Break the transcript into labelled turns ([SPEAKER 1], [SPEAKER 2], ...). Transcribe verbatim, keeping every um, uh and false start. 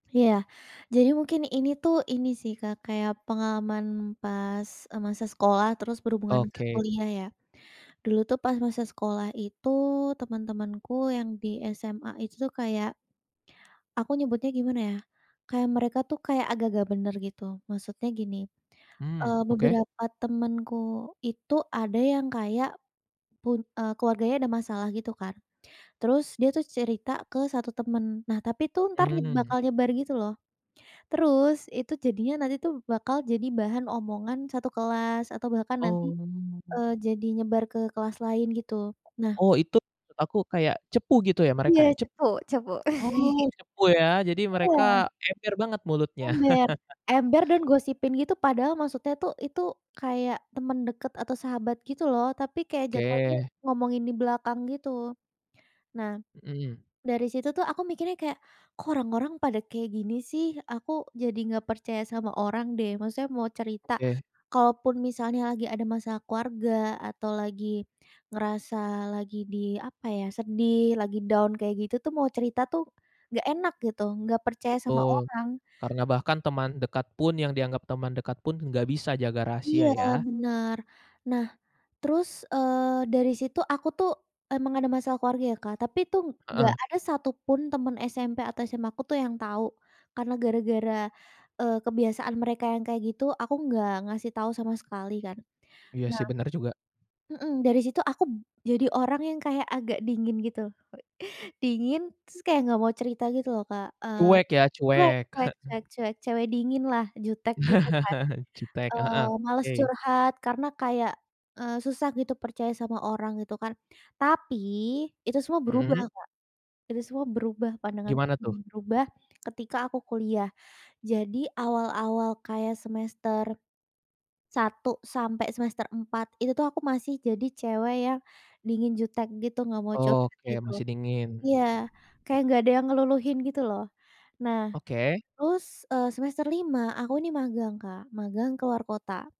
[SPEAKER 1] Iya, jadi mungkin ini tuh ini sih Kak kayak pengalaman pas, eee, masa sekolah terus berhubungan ke
[SPEAKER 2] Oke.
[SPEAKER 1] kuliah ya. Dulu tuh pas masa sekolah itu teman-temanku yang di SMA itu tuh kayak aku nyebutnya gimana ya, kayak mereka tuh kayak agak nggak bener gitu, maksudnya gini,
[SPEAKER 2] Hmm,
[SPEAKER 1] eee,
[SPEAKER 2] oke.
[SPEAKER 1] beberapa temenku itu ada yang kayak pun eee, keluarganya ada masalah gitu kan, terus dia tuh cerita kesatu temen, nah tapi itu entar nyeb
[SPEAKER 2] Mmm.
[SPEAKER 1] bakal nyebar gitu loh. Terus itu jadinya nanti tuh bakal jadi bahan omongan satu kelas atau bahkan nanti,
[SPEAKER 2] Oh.
[SPEAKER 1] eee, jadi nyebar ke kelas lain gitu. Nah
[SPEAKER 2] Oh itu maksud aku kayak cepu gitu ya mereka
[SPEAKER 1] Iya
[SPEAKER 2] ya cepu?
[SPEAKER 1] cepu cepu.
[SPEAKER 2] Oh cepu ya, jadi mereka
[SPEAKER 1] Iya.
[SPEAKER 2] ember banget mulutnya.
[SPEAKER 1] Ember ember dan gosipin gitu, padahal maksudnya tuh itu kayak temen deket atau sahabat gitu loh tapi kayak jatuhnya
[SPEAKER 2] Oke.
[SPEAKER 1] ngomongin di belakang gitu. Nah,
[SPEAKER 2] Mhm.
[SPEAKER 1] dari situ tuh aku mikirnya kayak, "Kok orang-orang pada kayak gini sih, aku jadi nggak percaya sama orang deh." Maksudnya mau cerita
[SPEAKER 2] Oke.
[SPEAKER 1] kalaupun misalnya lagi ada masa keluarga atau lagi ngerasa lagi di, apa ya, sedih lagi down, kayak gitu tuh mau cerita tuh nggak enak gitu nggak percaya sama
[SPEAKER 2] Betul,
[SPEAKER 1] orang.
[SPEAKER 2] karena bahkan teman dekat pun yang dianggap teman dekat pun, enggak bisa jaga
[SPEAKER 1] Iya,
[SPEAKER 2] rahasia ya?
[SPEAKER 1] benar. Nah terus, eee, dari situ aku tuh emang ada masalah keluarga ya Kak, tapi itu nggak
[SPEAKER 2] Heeh.
[SPEAKER 1] ada satupun teman SMP atau SMA aku tuh yang tahu. Karena gara-gara, eee, kebiasaan mereka yang kayak gitu, aku enggak ngasih tahu sama sekali kan.
[SPEAKER 2] Iya
[SPEAKER 1] Nah
[SPEAKER 2] sih benar juga.
[SPEAKER 1] mhm, dari situ aku b jadi orang yang kayak agak dingin gitu, dingin terus kayak nggak mau cerita gitu loh Kak, eee,
[SPEAKER 2] Cuek ya
[SPEAKER 1] cuek
[SPEAKER 2] cuek,
[SPEAKER 1] cuek
[SPEAKER 2] heeh.
[SPEAKER 1] cuek cuek, cewe dingin lah jutek gitu kan,
[SPEAKER 2] Jutek,
[SPEAKER 1] eee,
[SPEAKER 2] heeh,
[SPEAKER 1] males
[SPEAKER 2] oke.
[SPEAKER 1] curhat karena kayak, eee, susah gitu percaya sama orang gitu kan. Tapi itu semua berubah
[SPEAKER 2] Mhm.
[SPEAKER 1] Kak, itu semua berubah pandanganku
[SPEAKER 2] Gimana tuh?
[SPEAKER 1] berubah ketika aku kuliah. Jadi awal-awal kayak semester satu sampai semester empat itu tuh aku masih jadi cewek yang dingin, jutek, gitu nggak mau curhat
[SPEAKER 2] Oke
[SPEAKER 1] gitu.
[SPEAKER 2] masih dingin.
[SPEAKER 1] Iya, kayak nggak ada yang ngeluluhin gitu loh. Nah
[SPEAKER 2] Oke.
[SPEAKER 1] terus, eee, semester lima aku nih magang Kak, magang ke luar kota.